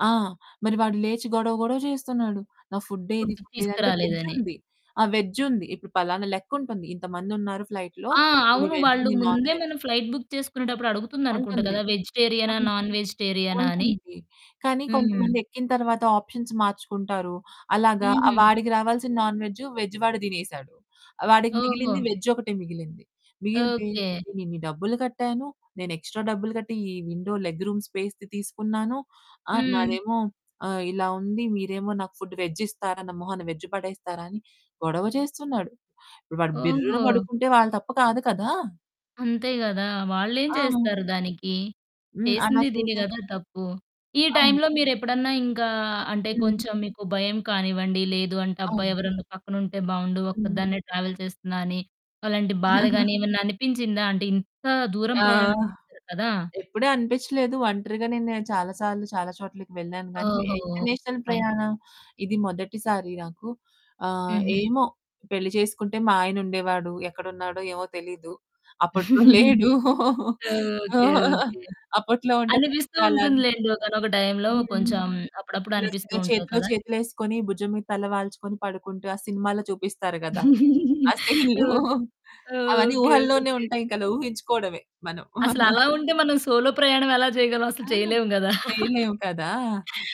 ఆ! మరి వాడు లేచి గొడవ గొడవ చేస్తున్నాడు. నా ఫుడ్డేది ఫుడ్డు ఫుడ్డేది అంటే తీసుకురాలేదని. వెజ్జుంది. ఆహ్, వెజ్జుంది. ఇప్పుడు పలానా లెక్కుంటుంది. ఇంతమందున్నారు ఫ్లైట్‌లో ఆ! ఇన్ని అవును వెజ్ వాళ్ళు ఇన్ని నాన్ ముందే వెజ్. మనం ఫ్లైట్ బుక్ చేసుకునేటప్పుడు అడుగుతుంది అనుకుంట ఉంటుంది. కదా! వెజిటేరియనా? అన్ నాన్ వెజిటేరియనా? అని. ఉంటుంది. కానీ, హ్మ్. కొంతమంది ఎక్కిన తరువాత ఆప్షన్స్ మార్చుకుంటారు. అలాగా ఆ హుహు. వాడికి రావాల్సిన నాన్ వెజ్జు, వెజ్ వాడు తినేసాడు. వాడికి ఓహో! మిగిలింది వేజ్జొకటే మిగిలింది. మిగిలితే ఓకె. "నేను ఇన్ని డబ్బులు కట్టాను, నేను ఎక్స్‌ట్రా డబ్బులు కట్టి ఈ విండో లెగ్ రూమ్ స్పేస్‌ది తీసుకున్నాను. ఆ! హ్మ్. నాదేమో ఆహ్, ఇలా ఉంది మీరేమో, నాకు ఫుడ్డు వెజ్జిస్తారా? నా మొహాన వెజ్ పడేస్తారా?" అని గొడవ చేస్తున్నాడు. ఇప్పుడు వాడు బిర్రున ఓహో! పడుకుంటే వాళ్ళ తప్పు కాదు కదా! అంతే గదా! వాళ్ళేం ఆ! చేస్తారు దానికి, హ్మ్. అలా చేసింది దిని చేసే గదా తప్పు. ఈ అవును. టైంలో మీరెప్పుడన్నా ఇంకా అంటే హ్మ్. కొంచెం మీకు భయం కానివ్వండి లేదు అంటే అబ్బా! అవును. ఎవరన్నా పక్కనుంటే బావుండు హ్మ్. ఒక్కదాన్నే ట్రావెల్ చేస్తున్నా అని అలాంటి బాధ గాని ఏమన్నా అనిపించిందా అంటే ఇంత దూరం ఆ! ప్రయాణం చేసారు కదా! ఎప్పుడూ అనిపిచ్చలేదు. ఒంటరిగా నేను చాలా సార్లు చాలా చోట్లకి వెళ్ళాను గానీ, ఓహో! ఓకే. International fine. ప్రయాణం ఇది మొదటిసారి నాకు. ఆహ్, హుహు. ఏమో పెళ్లి చేసుకుంటే మా ఆయనుండేవాడు ఎక్కడున్నాడో ఏమో తెలీదు. అప్పట్లో లేడు. ఓకె. ఓకె. అప్పట్లో ఉంటే అనిపిస్తూ చక్కగా [unintelligible] ఉంటుందిలేండి. ఒకానొక టైంలో హ్మ్. కొంచెం అప్పుడప్పుడు అనిపిస్తూ నిజంగా ఉంటది చేతిలో కదా! చేతులేసుకొని భుజం మీద తలవాల్చుకొని పడుకుంటూ, ఆ సినిమాలో చూపిస్తారు గదా! ఆ సీన్లు ఓహ్! అవన్నీ ఓకె. ఊహల్లోనే ఓకె. ఉంటాయింకలా ఊహించుకోవడమే మనం. అసలు అలా ఉంటే మనం సోలో ప్రయాణం ఎలా చేయగలం అసలు ఆ! చేయలేం గదా! చేయలేము కదా!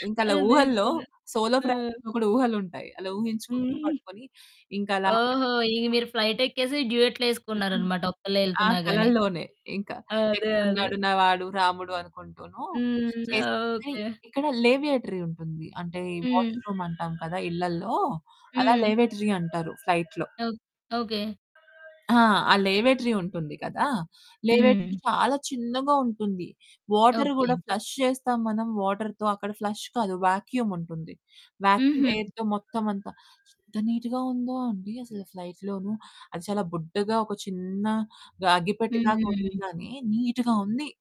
ఇంకలా అదే ఊహల్లో కదా! సోలో ఆ! [unintelligible] కూడా ఊహలుంటాయి. అలా ఊహించుకుంటూ హ్మ్. పడుకొని, ఇంకలా ఓహో! పడిపోతే ఇక బాగున్ను. మీరు ఫ్లైట్ ఎక్కేసి హ్మ్. డ్యూయెట్లేసుకున్నారనమాట ఒక్కల్లే ఆహ్, ఎళ్తున్నా గాని. కళల్లోనే ఇంకా అదే. అదే. ఎక్కడున్నాడు నా వాడు రాముడు అనుకుంటూనూ, హ్మ్. చేసింది. ఓకె. ఇక్కడ లేవియేటరీ ఉంటుంది. అంటే హ్మ్. వాష్‌రూమ్ అంటాం కదా! ఇళ్ళల్లో అలా హ్మ్. లేవిటరీ అంటారు ఫ్లైట్‌లో. ఓక్ ఓకె. ఆ! ఆ లేవేటరీ ఉంటుంది కదా! లేవేటరీ హ్మ్. చాలా చిన్నగా ఉంటుంది. Water okay. గూడా ఫ్లష్ చేస్తాం మనం వాటర్‌తో, అక్కడ ఫ్లష్ కాదు. వ్యాక్యూమ్ ఉంటుంది వ్యాక్యూమ్ హుహు. ఎయిర్‌తో మొత్తమంతా. ఎంత నీట్‌గా ఉందో అండి, అసలు ఫ్లైట్‌లోనూ అది చాలా బుడ్డగా ఒక చిన్న గ అగ్గిపెట్టెలాగా ఉంది హ్మ్. గానీ, నీట్‌గా ఉంది.